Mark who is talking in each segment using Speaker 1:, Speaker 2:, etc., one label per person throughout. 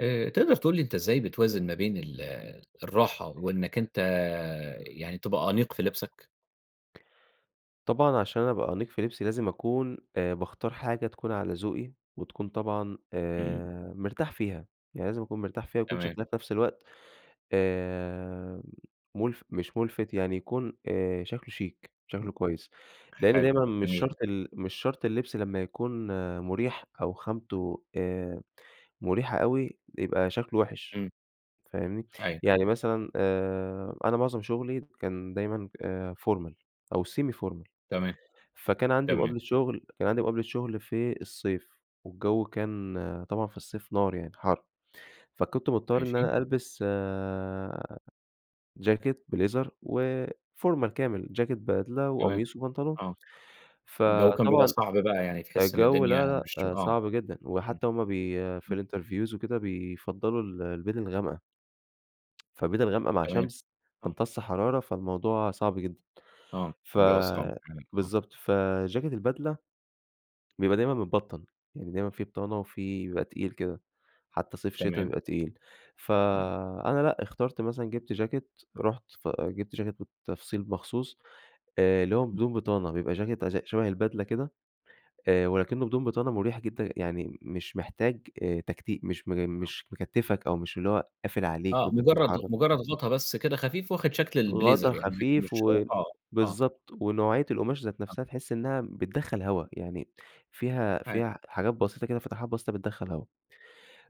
Speaker 1: آآ، تقدر تقول لي أنت إزاي بتوازن ما بين ال الراحة وإنك أنت يعني تبقى أنيق في لبسك؟
Speaker 2: طبعًا عشان أبقى أنيق في لبسي لازم أكون آآ، باختار حاجة تكون على ذوقي وتكون طبعًا
Speaker 1: إمم.
Speaker 2: آآ، مرتاح فيها، يعني لازم أكون مرتاح فيها، يكون
Speaker 1: تمام.
Speaker 2: شكلها في نَفس الوقت آآ، مُلف مش ملفت يعني يكون آآ، شكله شيك شكله
Speaker 1: امم،
Speaker 2: كويس، لأن
Speaker 1: حلو
Speaker 2: دايمًا مش
Speaker 1: جميل.
Speaker 2: شرط ال مش شرط اللبس لمّا يكون مُريح أو خامته آآ، مريحة أوي يبقى شكله وِحِش،
Speaker 1: امم.
Speaker 2: فاهمني؟
Speaker 1: أيوه.
Speaker 2: يعني مثلًا آآ، أنا معظم شغلي كان دايمًا آآ، formal أو semi formal.
Speaker 1: تمام،
Speaker 2: فكان عندي
Speaker 1: تمام.
Speaker 2: مقابلة شغل، كان عندي مقابلة شغل في الصيف، والجو كان طبعًا في الصيف نار يعني حَر، فكنت مضطر إن
Speaker 1: ماشي.
Speaker 2: أنا ألبس آآ، جاكيت بليزر وفورمال كامل، جاكيت بدلة
Speaker 1: تمام،
Speaker 2: وقميص وبنطلون.
Speaker 1: آه. الجو كان بيبقى
Speaker 2: فطبعًا
Speaker 1: صعب بقى يعني تحس إن
Speaker 2: الجو
Speaker 1: الدنيا
Speaker 2: لا
Speaker 1: مش
Speaker 2: لأ
Speaker 1: آه،
Speaker 2: صعب جدًا،
Speaker 1: امم،
Speaker 2: وحتى هُم بي
Speaker 1: امم.
Speaker 2: في الinterviews وكده بيفضّلوا البِدل الغامقة. فبِدل غامقة مع
Speaker 1: تمام
Speaker 2: شمس
Speaker 1: آه.
Speaker 2: تمتص حرارة، فالموضوع صعب جدًا.
Speaker 1: آه،
Speaker 2: ف
Speaker 1: بيبقى صعب كمان آه.
Speaker 2: بالضبط، فجاكيت البدلة بيبقى دايمًا متبطن، يعني دايمًا في بطانة وفي بيبقى تقيل كده، حتى صيف شتا
Speaker 1: تمام.
Speaker 2: بيبقى تقيل،
Speaker 1: امم.
Speaker 2: فأنا لأ اختارت مثلًا جِبت جاكيت، رُحت ف جِبت جاكيت بالتفصيل مخصوص، آآ، اللي هو
Speaker 1: امم.
Speaker 2: بدون بطانة، بيبقى جاكيت ز شبه البدلة كده آآ، ولكنه بدون بطانة مريح جدًا، يعني مش محتاج آآ تكتي مش م
Speaker 1: آه.
Speaker 2: مش مكتّفك أو مش اللي هو قافل عليك
Speaker 1: آه،
Speaker 2: وأنت
Speaker 1: مجرد
Speaker 2: بتتحرك.
Speaker 1: مجرد غطا بس كده خفيف واخد شكل
Speaker 2: غطا
Speaker 1: البليزر يعني لكن
Speaker 2: خفيف
Speaker 1: مش هو
Speaker 2: و
Speaker 1: آه، آه.
Speaker 2: بالضبط، ونوعية القماش ذات
Speaker 1: [unintelligible]
Speaker 2: نَفسها تحس إنها بتدخل هوا، يعني فيها
Speaker 1: [unintelligible]
Speaker 2: فيها حاجات بسيطة كده فتحات بسيطة بتدخل هوا.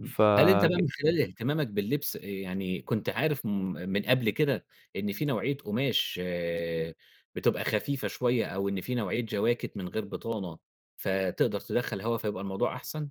Speaker 1: امم، هل أنت بقى من
Speaker 2: فج
Speaker 1: خلال اهتمامك باللبس يعني كنت عارف م من قبل كده إن في نوعية قماش بتبقى خفيفة شوية، أو إن في نوعية جواكيت من غير بطانة فتقدر تدخَّل هوا فيبقى الموضوع أحسن؟